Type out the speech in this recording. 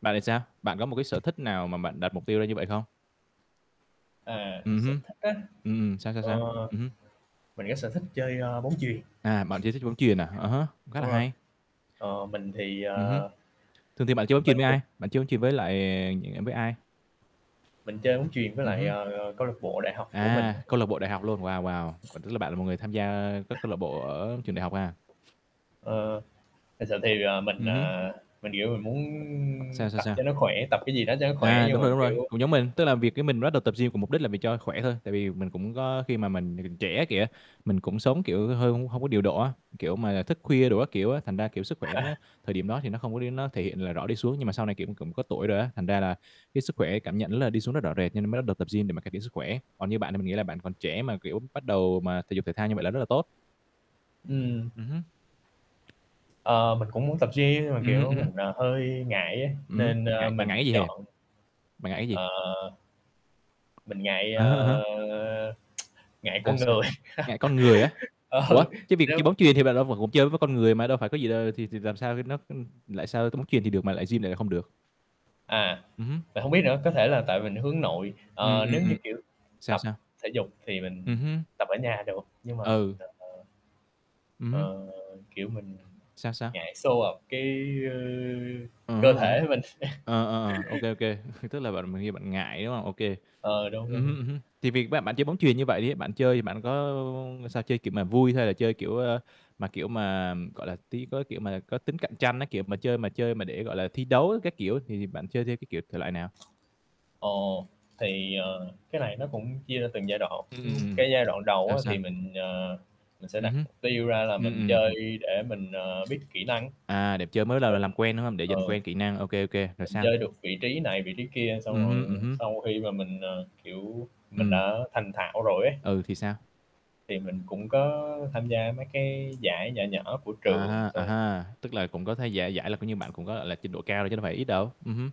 Bạn thì sao? Bạn có một cái sở thích nào mà bạn đặt mục tiêu ra như vậy không? À, Ừm sở hứm. thích Ừm, sao, sao, á? sao? Ờ, Ừm hứm. mình ghét sở thích chơi, ờ, bóng chuyền. À, bạn chơi thích bóng chuyền à? À há, cũng khá là Đúng rồi. hay. Ờ, mình thì, Ừm hứm. ờ Thường thì bạn chơi bóng chuyền Mình với cùng ai? Bạn chơi bóng chuyền với lại những với ai? Mình chơi bóng chuyền với Ừm lại, hứm. ờ, ờ, câu lạc bộ đại học của mình á. À, câu lạc bộ đại học luôn, wow, wow! Vậy tức là bạn là một người tham gia các câu lạc bộ ở trường đại học à? Ờ. Thực sự thì, à, mình, Ừm hứm. à, mình, kiểu, mình muốn Sao, sao, tập cho sao? nó khỏe, tập cái gì đó cho nó khỏe À, nhưng đúng mà, rồi, đúng rồi, kiểu, cũng giống mình, tức mình là việc cái mình bắt đầu tập gym cùng mục đích là vì cho khỏe thôi, tại vì mình cũng có khi mà mình mình còn trẻ kìa, mình cũng sống, kiểu, hơi hông hông có điều độ á, kiểu mà, là thức khuya đồ các kiểu á, thành ra, kiểu, sức khỏe nó thời điểm đó thì nó không có đến nó thể hiện là rõ đi xuống, nhưng mà sau này, kiểu, cũng có tuổi rồi á, thành ra là cái sức khỏe cảm nhận là đi xuống nó rõ rệt, cho nên mới bắt đầu tập gym để mà cải thiện sức khỏe. Còn như bạn thì mình nghĩ là bạn còn trẻ mà, kiểu, bắt đầu mà thể dục thể thao như vậy là rất là tốt. Ừm. Ừm hứm. Ờ, mình cũng muốn tập gym nhưng mà, Ừm hưm, kiểu, ừm mình, hứm. ờ, hơi ngại á, Ừm hứm, nên, ơ, ngại bạn ngại mình cái gì hè? chọn Bạn ngại cái gì? ờ mình ngại, À há, à há. ờ, ngại Sao, con sao? người. Ngại con người á? Ủa? Ờ. Chứ việc chơi bóng chuyền thì [unintelligible] bạn v vẫn vẫn chơi với con người mà đâu phải có gì đâu, thì thì làm sao nó, ưm, lại sao tới bóng chuyền thì được mà lại gym lại là không được? À, Ừm hứm. mình hông biết nữa, có thể là tại mình hướng nội. Ừm, Ờ, ừm, nếu như, ừm. kiểu, Sao, tập sao? thể dục thì Ừm mình hưm. tập ở nhà được, nhưng mà mình Ừ. đ ờ Ừm hưm. ờ, kiểu, mình Sao, sao? ngại show off cái, ơ, À ha, cơ à ha. thể mình. Ờ, ờ, ờ, ô kê, ô kê, tức là bạn mà nghi bạn ngại, đúng hông? Ô kê. Ờ, đúng, Ừm đúng, đúng. hưm, ừm hưm, tại vì ba bạn chơi bóng chuyền như vậy đi, bạn chơi bạn có, ơ, sao chơi, kiểu, mà vui hay là chơi, kiểu, ơ, mà, kiểu, mà, ừm, gọi là, tí có cái kiểu mà có tính cạnh tranh á, kiểu, mà chơi mà chơi mà để, gọi là, thi đấu các kiểu thì bạn chơi theo cái, kiểu, thể loại nào? Ồ! Thì, ờ, cái này nó cũng chia ra từng giai đoạn. Ừm, Ưm, ừm, ừm. cái giai đoạn đầu Sao, á, thì sao? mình, ờ, mình sẽ Ừm đặt hứm. tiêu ra là Ưm, mình ừm. [unintelligible] chơi để mình, ờ, biết kỹ năng. À, đẹp chơi mới đầu là Mình làm quen, đúng hông? Để dần ừ. quen kỹ năng. Ô kê, ô kê, rồi Mình sao? chơi được vị trí này, vị trí kia xong Ừm hưm, ừm rồi hứm. sau khi mà mình, ờ, kiểu, mình Ừm. đã thành thạo rồi ấy Ừ, thì sao? thì mình cũng có tham gia mấy cái giải nhỏ nhỏ của À trường ha, à xong ha, tức là cũng có thể giải giải là coi như bạn cũng có, gọi là, trình độ cao chứ đâu phải ít đâu, ừm hứm.